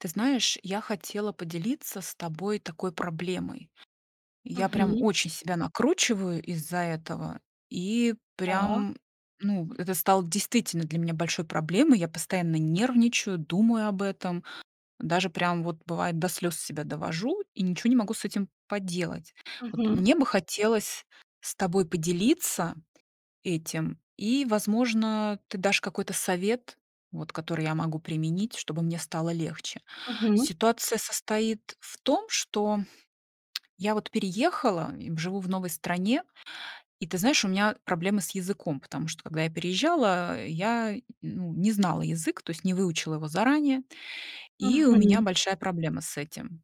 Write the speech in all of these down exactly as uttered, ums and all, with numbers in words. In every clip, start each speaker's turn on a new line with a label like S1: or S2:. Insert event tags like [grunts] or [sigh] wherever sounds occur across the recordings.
S1: Ты знаешь, я хотела поделиться с тобой такой проблемой. Я прям
S2: Мгм.
S1: очень себя накручиваю из-за этого, и,
S2: Да.
S1: прям, ну, это стало действительно для меня большой проблемой. Я постоянно нервничаю, думаю об этом, даже, прям вот, бывает, до слёз себя довожу и ничего не могу с этим поделать. Вот
S2: Мгм.
S1: мне бы хотелось с тобой поделиться этим, и, возможно, ты дашь какой-то совет, вот, который я могу применить, чтобы мне стало легче.
S2: Мгм.
S1: Ситуация состоит в том, что я вот переехала и живу в новой стране, и, ты знаешь, у меня проблемы с языком, потому когда я переезжала, я, ну, не знала язык, то есть не выучила его заранее, и у меня
S2: Мгм.
S1: большая проблема с этим.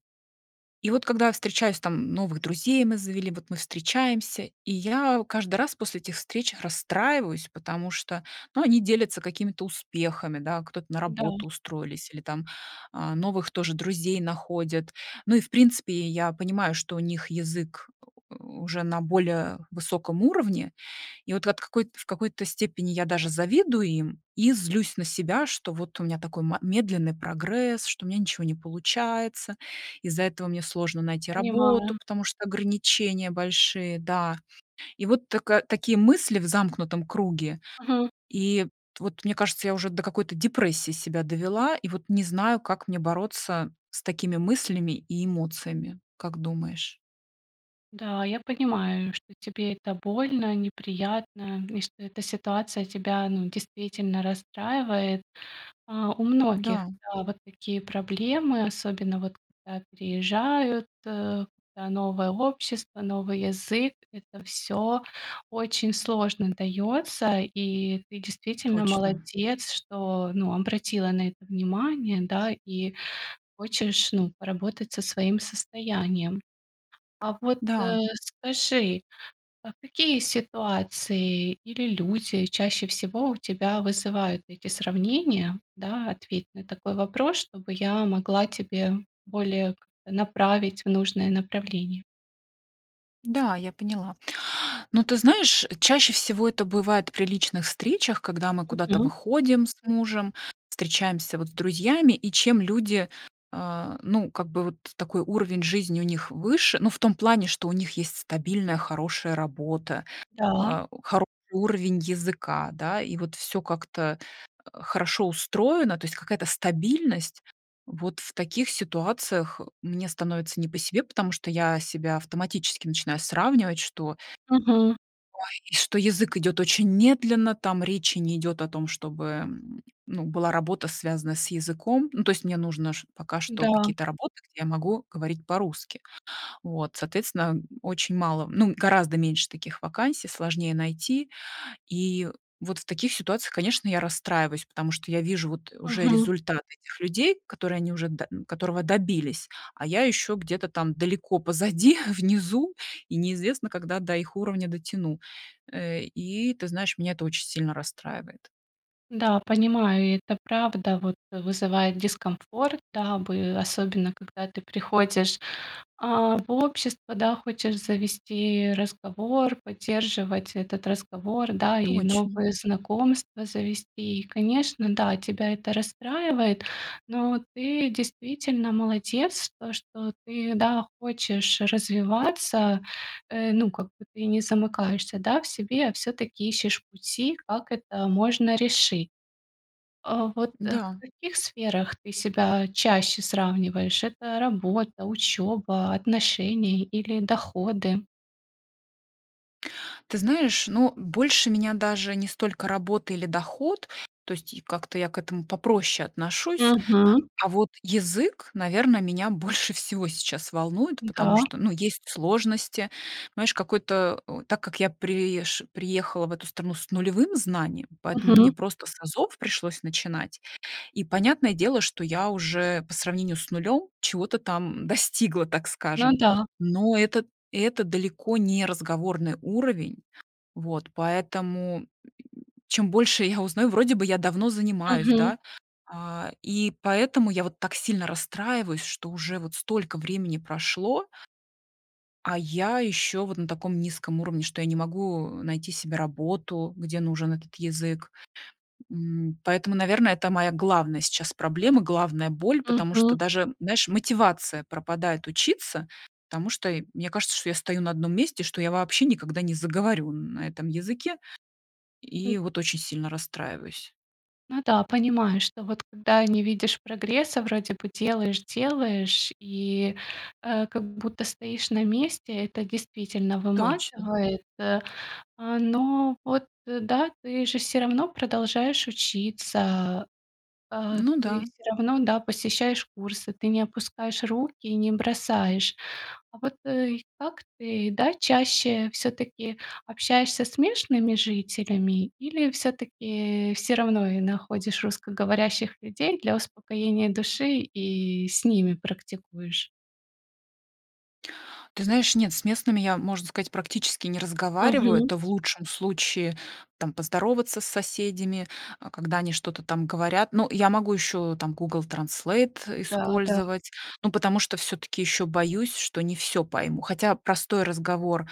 S1: И вот когда я встречаюсь там новых друзей мы завели, вот мы встречаемся, и я каждый раз после этих встреч расстраиваюсь, потому что, ну, они делятся какими-то успехами, да, кто-то на
S2: Да.
S1: работу устроились, или там, а, новых тоже друзей находят. Ну, и, в принципе, я понимаю, что у них язык [grunts] уже на более высоком уровне, и вот от какой в какой-то степени я даже завидую им и злюсь на себя, что вот у меня такой ма медленный прогресс, что у меня ничего не получается, из-за этого мне сложно найти работу,
S2: Понимаю.
S1: потому что ограничения большие, да. И вот так такие мысли в замкнутом круге,
S2: Мгм.
S1: и вот мне кажется, я уже до какой-то депрессии себя довела, и вот не знаю, как мне бороться с такими мыслями и эмоциями, как думаешь?
S2: Да, я понимаю, что тебе это больно, неприятно, и что эта ситуация тебя, ну, действительно расстраивает. А, у многих,
S1: Да.
S2: да, вот такие проблемы, особенно вот когда переезжают: когда новое общество, новый язык- это всё очень сложно даётся, и ты действительно
S1: Точно.
S2: молодец, что, ну, обратила на это внимание, да, и хочешь, ну, поработать со своим состоянием. А вот,
S1: Да.
S2: а, скажи, какие ситуации или люди чаще всего у тебя вызывают эти сравнения, да? Ответь на такой вопрос, чтобы я могла тебе более как-то направить в нужное направление.
S1: Да, я поняла. Но ты знаешь, чаще всего это бывает при личных встречах, когда мы куда-то
S2: Мгм.
S1: выходим с мужем, встречаемся вот с друзьями, и чем люди, э, ну, как бы вот такой уровень жизни у них выше, ну, в том плане, что у них есть стабильная, хорошая работа,
S2: Да.
S1: э, хороший уровень языка, да, и вот всё как-то, а, хорошо устроено, то есть какая-то стабильность. Вот в таких ситуациях мне становится не по себе, потому что я себя автоматически начинаю сравнивать, что
S2: Мгм.
S1: ой, что язык идет очень медленно, там речи не идет о том, чтобы, м, была, ну, работа, связанная с языком. Ну, то есть мне нужно пока что
S2: Да.
S1: какие-то работы, где я могу говорить по-русски. Вот, соответственно, очень мало ну, гораздо меньше таких вакансий, сложнее найти. И вот в таких ситуациях, конечно, я расстраиваюсь, потому что я вижу вот уже
S2: Мгм.
S1: результаты этих людей, которые они уже д которого добились, а я ещё где-то там далеко позади, внизу, и неизвестно, когда до их уровня дотяну. Э, и ты знаешь, меня это очень сильно расстраивает.
S2: Да, понимаю, и это правда, вот, вызывает дискомфорт, да бы, особенно когда ты приходишь, а, в общество, да, хочешь завести разговор, поддерживать этот разговор, да, и
S1: Точно.
S2: новые знакомства завести. И конечно, да, тебя это расстраивает, но ты действительно молодец, то что ты, да, хочешь развиваться, э, ну, как бы ты не замыкаешься, да, в себе, а всё-таки ищешь пути, как это можно решить. Э, вот в
S1: Да.
S2: каких сферах ты себя чаще сравниваешь: это работа, учёба, отношения или доходы?
S1: Ты знаешь, ну, больше меня даже не столько работа или доход, то есть как-то я к этому попроще отношусь.
S2: Мгм.
S1: А вот язык, наверно, меня больше всего сейчас волнует, потому
S2: Да.
S1: что, ну, есть сложности. Знаешь, какой-то так как я приезж приехала в эту страну с нулевым знанием, поэтому мне
S2: Мгм.
S1: просто с азов пришлось начинать. И понятное дело, что я уже по сравнению с нулём чего-то там достигла, так
S2: Ну
S1: скажем,
S2: да.
S1: но это это далеко не разговорный уровень. Вот, поэтому чем больше я узнаю вроде бы я давно занимаюсь,
S2: Мгм.
S1: да, а, и поэтому я вот так сильно расстраиваюсь, что уже вот столько времени прошло а я ещё вот на таком низком уровне, что я не могу найти себе работу, где нужен этот язык. М, поэтому, наверное, это моя главная сейчас проблема, главная боль, потому что
S2: Мгм.
S1: даже, знаешь, мотивация пропадает учиться, потому что мне кажется, что я стою на одном месте, что я вообще никогда не заговорю на этом языке, и вот очень сильно расстраиваюсь.
S2: Ну да, понимаю, что вот когда не видишь прогресса, вроде бы делаешь, делаешь, и, а, как будто стоишь на месте. Это действительно
S1: Точно.
S2: выматывает. Э, э, но вот да, ты же всё равно продолжаешь учиться, э.
S1: Ну
S2: Ты
S1: да.
S2: всё равно, да, посещаешь курсы. Ты не опускаешь руки и не бросаешь. А вот как ты, да, чаще всё-таки общаешься с мешными жителями или всё-таки всё равно и находишь русскоговорящих людей для успокоения души и с ними практикуешь?
S1: Ты знаешь, нет, с местными я, можно сказать, практически не разговариваю.
S2: Мгм.
S1: Это в лучшем случае, там, поздороваться с соседями, а, когда они что-то там говорят. Ну, я могу ещё там Google Translate
S2: Да, да.
S1: использовать, ну, потому что всё-таки ещё боюсь, что не всё пойму. Хотя простой разговор,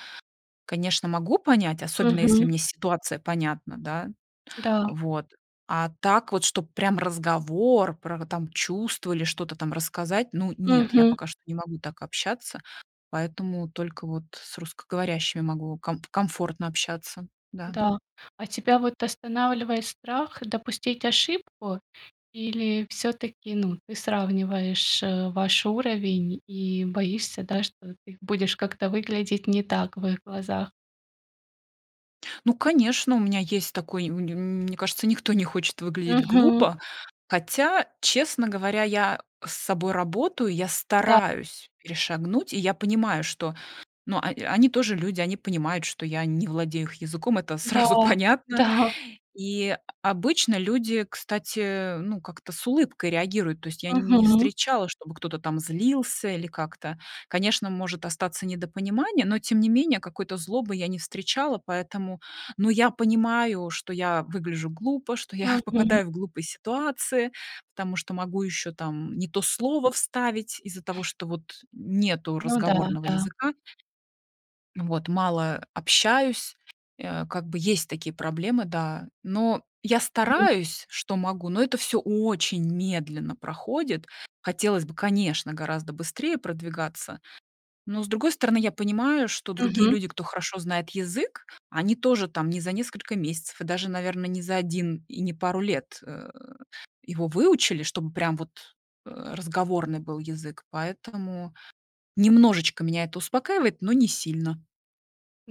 S1: конечно, могу понять, особенно если
S2: Мгм.
S1: мне ситуация понятна, да.
S2: Да.
S1: Вот, а так вот, чтоб прям разговор про там чувства или что-то там рассказать, ну нет, я
S2: Мгм.
S1: пока что не могу так общаться, поэтому только вот с русскоговорящими могу ком комфортно общаться, да.
S2: Да, а тебя вот останавливает страх допустить ошибку? Или всё-таки, ну, ты сравниваешь ваш уровень и боишься, да, что ты будешь как-то выглядеть не так в их глазах?
S1: Ну конечно, у меня есть такой, м мне кажется, никто не хочет выглядеть
S2: Мгм.
S1: глупо. Хотя, честно говоря, я с собой работаю, я
S2: Да.
S1: стараюсь перешагнуть, и я понимаю, что, ну, о они тоже люди, они понимают, что я не владею их языком, это сразу
S2: Да,
S1: понятно.
S2: да.
S1: И обычно люди, кстати, ну, как-то с улыбкой реагируют. То есть я не
S2: Мгм.
S1: встречала, чтобы кто-то там злился или как-то. Конечно, может остаться недопонимание, но тем не менее какой-то злобы я не встречала, поэтому но я понимаю, что я выгляжу глупо, что я
S2: Мгм.
S1: попадаю в глупые ситуации, потому что могу ещё там не то слово вставить из-за того, что вот нету
S2: Ну да,
S1: разговорного
S2: да.
S1: языка. Вот, мало общаюсь, э, как бы есть такие проблемы, да. Но я
S2: Мгм.
S1: стараюсь, что могу, но это всё очень медленно проходит. Хотелось бы, конечно, гораздо быстрее продвигаться. Но, с другой стороны, я понимаю, что другие
S2: Мгм.
S1: люди, кто хорошо знает язык, они тоже там не за несколько месяцев и даже, наверно, не за один и не пару лет, э, его выучили, чтобы прям вот, а, разговорный был язык. Поэтому немножечко меня это успокаивает, но не сильно.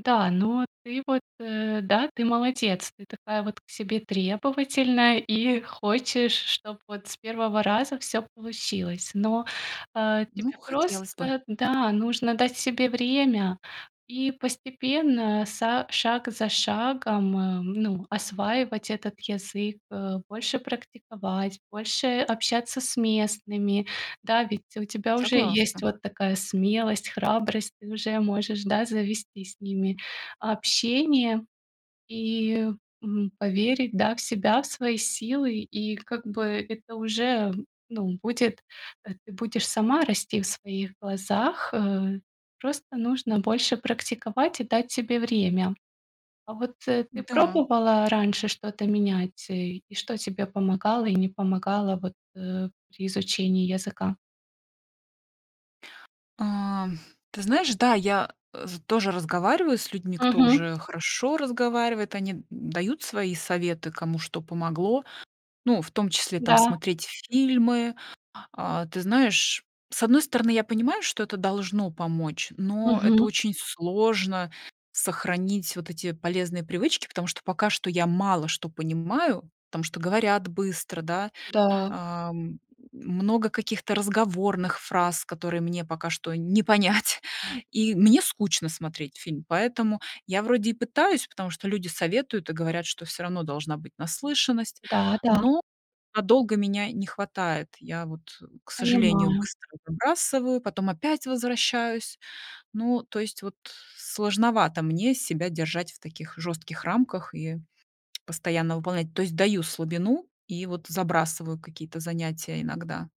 S2: Да, но ты вот, да, ты молодец, ты такая вот к себе требовательная и хочешь, чтоб вот с первого раза всё получилось. Но, э,
S1: Ну,
S2: тебе просто
S1: хотелось бы.
S2: да, нужно дать себе время и постепенно са шаг за шагом, а, ну, осваивать этот язык, э, больше практиковать, больше общаться с местными. Да, ведь у тебя уже есть
S1: Согласна.
S2: вот такая смелость, храбрость, ты уже можешь, да, завести с ними общение и, м, поверить, да, в себя, в свои силы. И как бы это уже, ну, будет э, ты будешь сама расти в своих глазах, э. Просто нужно больше практиковать и дать себе время. А вот ты
S1: Да.
S2: пробовала раньше что-то менять? И что тебе помогало и не помогало вот, э, при изучении языка?
S1: А, ты знаешь, да, я тоже разговариваю с людьми, кто
S2: Мгм.
S1: уже хорошо разговаривает, они дают свои советы, кому что помогло, ну, в том числе там
S2: Да.
S1: смотреть фильмы. А, ты знаешь, с одной стороны, я понимаю, что это должно помочь, но это
S2: Мгм.
S1: очень сложно сохранить вот эти полезные привычки, потому что пока что я мало что понимаю, потому что говорят быстро, да.
S2: Да.
S1: А, много каких-то разговорных фраз, которые мне пока что не понять, и мне скучно смотреть фильм, поэтому я вроде и пытаюсь, потому что люди советуют и говорят, что всё равно должна быть наслышанность,
S2: Да, да.
S1: но надолго меня не хватает. Я вот, к сожалению,
S2: Понимаю.
S1: быстро забрасываю, потом опять возвращаюсь. Ну, то есть вот сложновато мне себя держать в таких жёстких рамках и постоянно выполнять. То есть даю слабину и вот забрасываю какие-то занятия иногда.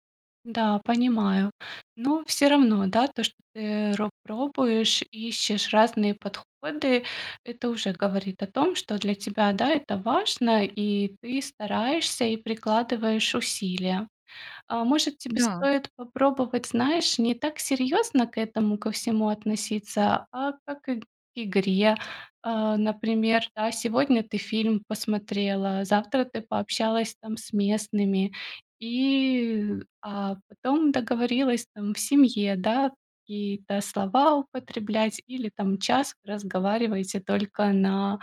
S2: Да, понимаю. Но всё равно, да, то, что ты ро пробуешь, ищешь разные подходы, это уже говорит о том, что для тебя, да, это важно и ты стараешься и прикладываешь усилия. А, может, тебе
S1: Да.
S2: стоит попробовать, знаешь, не так серьезно к этому ко всему относиться, а как к игре? А, например, да, сегодня ты фильм посмотрела, завтра ты пообщалась там с местными, и, а потом договорилась там в семье, да, какие-то слова употреблять или там час вы разговариваете только на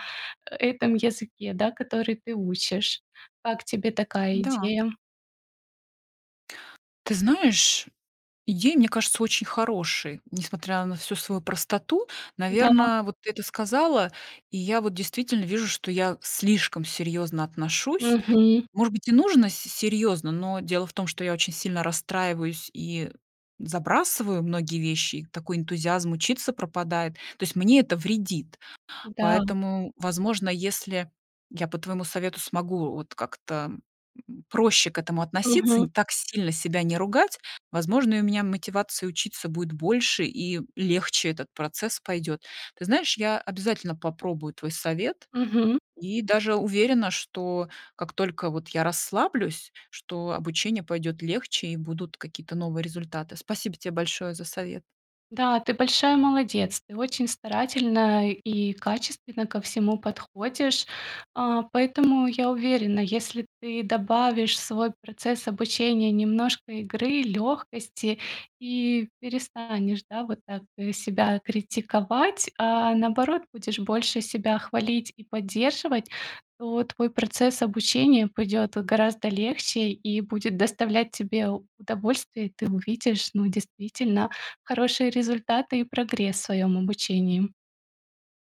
S2: этом языке, да, который ты учишь. Как тебе такая
S1: Да.
S2: идея?
S1: Ты знаешь, идея, мне кажется, очень хорошей, несмотря на всю свою простоту.
S2: Да.
S1: Наверно, вот ты это сказала, и я вот действительно вижу, что я слишком серьёзно отношусь.
S2: Мгм.
S1: Может быть, и нужно с серьёзно, но дело в том, что я очень сильно расстраиваюсь и забрасываю многие вещи, и такой энтузиазм учиться пропадает. То есть мне это вредит,
S2: Да.
S1: поэтому, возможно, если я по твоему совету смогу вот как-то проще к этому относиться, не
S2: Мгм.
S1: так сильно себя не ругать, возможно, у меня мотивация учиться будет больше и легче этот процесс пойдет. Ты знаешь, я обязательно попробую твой совет
S2: Мгм.
S1: и даже уверена, что как только вот я расслаблюсь, что обучение пойдёт легче и будут какие-то новые результаты. Спасибо тебе большое за совет.
S2: Да, ты большая молодец, ты очень старательно и качественно ко всему подходишь. А, поэтому я уверена, если ты добавишь в свой процесс обучения немножко игры, лёгкости, и перестанешь, да, вот так себя критиковать, а наоборот будешь больше себя хвалить и поддерживать, то твой процесс обучения пойдёт вот гораздо легче и будет доставлять тебе удовольствие. И ты увидишь, ну, действительно хорошие результаты и прогресс в своём обучении.